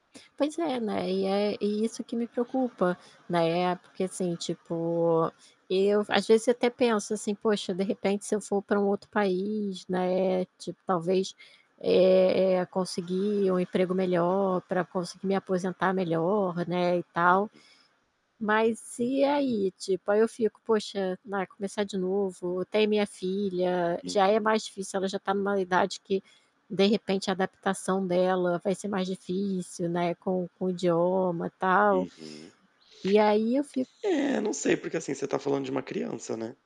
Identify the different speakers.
Speaker 1: Pois é, né, e é e isso que me preocupa. Na época, assim, tipo, eu, às vezes, até penso, assim: "Poxa, de repente, se eu for para um outro país, né, tipo, talvez, eh eh, conseguir um emprego melhor, para conseguir me aposentar melhor, né, e tal".
Speaker 2: [unintelligible]
Speaker 1: Mas e aí, tipo, aí eu fico: "Poxa, na começar de novo tem minha filha, já é
Speaker 2: Uhum.
Speaker 1: mais difícil. Ela já está em uma idade que, de repente, a adaptação dela vai ser mais difícil, né, com com o idioma, tal".
Speaker 2: Uhum.
Speaker 1: E aí eu fico
Speaker 2: É, não sei, porque, assim, você está falando de uma criança, né?